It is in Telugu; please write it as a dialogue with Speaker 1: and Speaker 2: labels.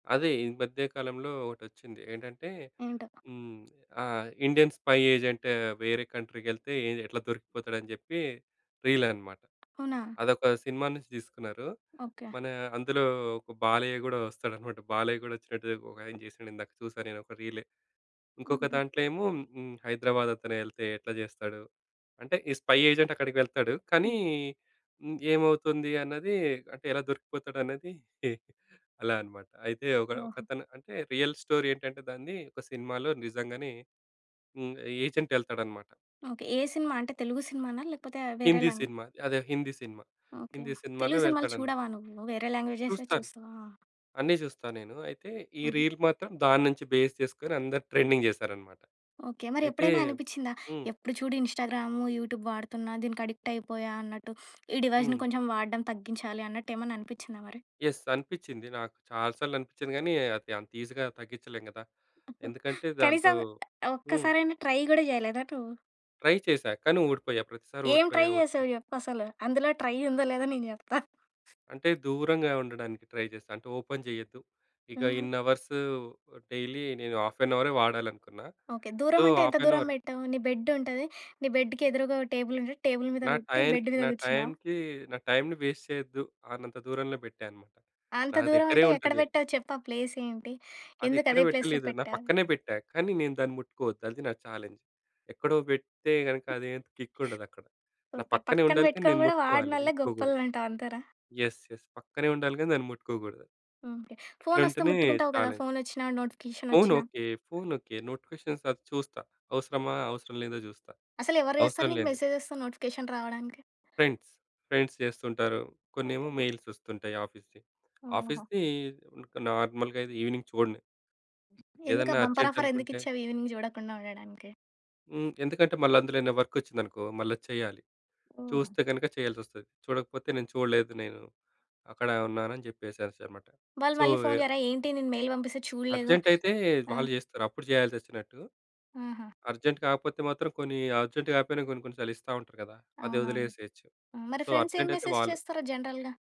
Speaker 1: అదే. ఈ మధ్య కాలంలో ఒకటొచ్చింది, ఏంటంటే
Speaker 2: ఏంటో?
Speaker 1: హ్మ్, ఆ! "ఇండియన్ స్పై ఏజెంటు వేరే కంట్రీకెళ్తే ఏది ఎట్లా దొరికిపోతాడు?" అని చెప్పి రీల్ అన్నమాట.
Speaker 2: అవునా?
Speaker 1: అదొక సినిమా నుంచి తీసుకున్నారు.
Speaker 2: ఓకే.
Speaker 1: మన అందులో ఒక బాలయ్య గూడా ఓస్తాడన్నమాట. బాలయ్య కూడా వచ్చినట్టు ఒకాయన చేసాడు, ఇందాక చూసా నేనొక రీలే. ఇంకొక
Speaker 2: హుహు.
Speaker 1: దాంట్లో ఏమో హ్మ్, 'హైదరాబాద్' అతనే ఎళ్తే ఎట్లా చేస్తాడు? అంటే ఈ స్పై ఏజెంట్ అక్కడికి వెళ్తాడు, కానీ
Speaker 2: హ్మ్.
Speaker 1: హ్మ్, ఏమవుతుంది అన్నది, అంటే ఎలా దొరికిపోతాడు అనేది అలా అన్నమాట. అయితే ఒక
Speaker 2: ఓహో!
Speaker 1: ఒకతను అంటే రియల్ స్టోరీ ఏంటంటే దాన్ని ఒక సినిమాలో నిజంగానే హ్మ్, ఏజెంట్ ఎళ్తాడన్నమాట.
Speaker 2: ఓకే. ఏ సినిమా అంటే తెలుగు సినిమానా లేకపోతే వేరే
Speaker 1: హిందీ
Speaker 2: లాంగ్
Speaker 1: సినిమా, అదే. హిందీ సినిమా.
Speaker 2: ఓకే.
Speaker 1: హిందీ సినిమాలో
Speaker 2: తెలుగు సినిమాలు
Speaker 1: వెళ్తాడన్
Speaker 2: చూడవా నువ్వు వేరే లాంగ్వేజెస్
Speaker 1: చూస్తాను.
Speaker 2: చుస్తవా?
Speaker 1: అన్నీ చూస్తా నేను. అయితే ఈ
Speaker 2: హుహు.
Speaker 1: రీల్ మాత్రం దాన్నుంచి బేస్ చేసుకొని అందరూ ట్రెండింగ్ చేశారన్నమాట.
Speaker 2: ఓకే. మరి
Speaker 1: అయితే
Speaker 2: ఎప్పుడైనా అనిపించిందా?
Speaker 1: హ్మ్.
Speaker 2: ఎప్పుడు చూడు "ఇంస్టాగ్రాము, యూట్యూబ్ వాడుతున్నా, దీనికి అడిక్ట్ అయిపోయా" అన్నట్టు, "ఈ డివైస్‌ని
Speaker 1: హ్మ్.
Speaker 2: కొంచెం వాడడం తగ్గించాలి" అన్నట్టేమన్నా అనిపించిందా మరి?
Speaker 1: యెస్. అనిపించింది. నాకు చాలాసార్లనిపించింది. కానీ అది అంత ఈజీగా తగ్గించలేం కదా!
Speaker 2: అబో!
Speaker 1: ఎందుకంటే దాంతో
Speaker 2: కనీసం
Speaker 1: హ్మ్.
Speaker 2: ఒక్కసారైనా ట్రై కూడా చేయలేదా నువ్వు?
Speaker 1: ట్రై చేశా. కానీ ఓడిపోయా, ప్రతిసారి
Speaker 2: ఏం ట్రై
Speaker 1: ఓడిపోయా ఓడిపోయా.
Speaker 2: చేసావు చెప్పసలు? అందులో ట్రై ఉందో? లేదో? నేను చెప్తా.
Speaker 1: అంటే దూరంగా ఉండడానికి ట్రై చేసా. అంటే ఓపెన్ చెయ్యొద్దు. ఇక
Speaker 2: హుహు.
Speaker 1: ఇన్ని అవర్స్ డైలీ నేను హాఫ్ అన్ అవరే వాడాలనుకున్నా.
Speaker 2: ఓకే.
Speaker 1: సో,
Speaker 2: దూరం అంటే ఎంత
Speaker 1: హాఫ్ అన్
Speaker 2: దూరం
Speaker 1: అవర్
Speaker 2: పెట్టావు? నీ బెడ్ ఉంటది, నీ బెడ్‌కి ఎదురుగా టేబుల్ ఉంటది, టేబుల్ మీద
Speaker 1: నా
Speaker 2: పెట్టి
Speaker 1: టైయనికి
Speaker 2: బెడ్ మీద
Speaker 1: నా
Speaker 2: కూర్చున్నావా?
Speaker 1: టైమ్‌కి నా టైమ్‌ని వేస్ట్ చేయొద్దు అన్నంత దూరంలో పెట్టా అన్నమాట.
Speaker 2: అంత
Speaker 1: నా
Speaker 2: దూరం
Speaker 1: దగ్గరే
Speaker 2: అంటే ఎక్కడ
Speaker 1: ఉంటది.
Speaker 2: పెట్టావు చెప్పు ఆ ప్లేస్ ఏంటి?
Speaker 1: అది ఎక్కడ
Speaker 2: ఎందుకదే ప్లేస్‌లో
Speaker 1: పెట్టలేదు. నా
Speaker 2: పెట్టావు?
Speaker 1: పక్కనే పెట్టా. కానీ నేను దాన్ని ముట్టుకోవద్దు. అది నా చాలెంజ్. ఎక్కడో పెడితే గనుక అది అంతా కిక్ ఉండదు అక్కడ. నా
Speaker 2: ఓకే.
Speaker 1: పక్కనే
Speaker 2: పక్కన
Speaker 1: ఉండాలి, కానీ,
Speaker 2: పెట్టుకొని
Speaker 1: నేను
Speaker 2: కూడా
Speaker 1: ముట్టుకోవాలి
Speaker 2: వాడనోల్లే
Speaker 1: ముట్టుకోకూడదు.
Speaker 2: గొప్పోలంటావు అంతేనా?
Speaker 1: యెస్. యెస్. పక్కనే ఉండాలి గాని దాన్ని ముట్టుకోకూడదు.
Speaker 2: ఓకే. ఫోనస్తే
Speaker 1: అట్లుంటేనే
Speaker 2: ముట్టుకుంటావు కదా!
Speaker 1: చాలెంజ్.
Speaker 2: ఫోనచ్చినా నోటిఫికేషన్
Speaker 1: ఫోన్
Speaker 2: ఓచ్చినా?
Speaker 1: ఓకే. Phone okay. నోటిఫికేషన్స్ వరకు చూస్తా. అవసరమా? అవసరం లేదా చూస్తా.
Speaker 2: అసలెవరు చేస్తారు
Speaker 1: అవసరం
Speaker 2: నీకు
Speaker 1: లేనిది
Speaker 2: మెసేజ్‌తో నోటిఫికేషన్ రావడానికి?
Speaker 1: ఫ్రెండ్స్. ఫ్రెండ్స్ చేస్తుంటారు.
Speaker 2: ఓకే.
Speaker 1: కొన్నేమో
Speaker 2: లే.
Speaker 1: మెయిల్స్ ఓస్తుంటాయి ఆఫీస్‌వి.
Speaker 2: ఓహో!
Speaker 1: ఆఫీస్‌కి ఇంకా నార్మల్‌గా అయితే ఈవెనింగ్ చూడన్ను.
Speaker 2: ఎందుకు
Speaker 1: ఏదైనా
Speaker 2: ఆ బంపర్
Speaker 1: అర్జెంట్
Speaker 2: ఆఫర్ ఎందుకు
Speaker 1: అనుకుంటే
Speaker 2: ఇచ్చావు? ఈవెనింగ్ చూడకుండా ఉండడానికి?
Speaker 1: హ్మ్. ఎందుకంటే మళ్ళ అందులోనే వర్క్ వచ్చిందనుకో మళ్ళా చెయ్యాలి.
Speaker 2: ఓహో!
Speaker 1: చూస్తే గనక చేయాల్సి ఓస్తది. చూడకపోతే "నేను చూడలేదు నేను అక్కడే ఉన్నాను" అని చెప్పేసేసాల్సి అన్నమాట.
Speaker 2: వాళ్ళు
Speaker 1: సో
Speaker 2: మళ్ళీ ఫోన్ చెయ్యరా ఏంటి? నేను మెయిల్ పంపిస్తే చూడలేదు
Speaker 1: అర్జెంటైతే
Speaker 2: ఆ!
Speaker 1: వాళ్ళు జేస్తారు. అప్పుడు చేయాల్సొచ్చినట్టు.
Speaker 2: ఆహా!
Speaker 1: అర్జెంట్ కాకపోతే మాత్రం కొన్ని అర్జెంట్ కాకపోయినా కొన్నికొన్ని సార్లు ఇస్తా ఉంటారు కదా! అది
Speaker 2: అవునవును.
Speaker 1: ఓదిలేసేయొచ్చు.
Speaker 2: మరి
Speaker 1: సో,
Speaker 2: ఫ్రెండ్స్ ఏం
Speaker 1: అర్జెంటైతే
Speaker 2: మెసేజ్
Speaker 1: వాళ్ళు
Speaker 2: చేస్తారు జనరల్‌గా?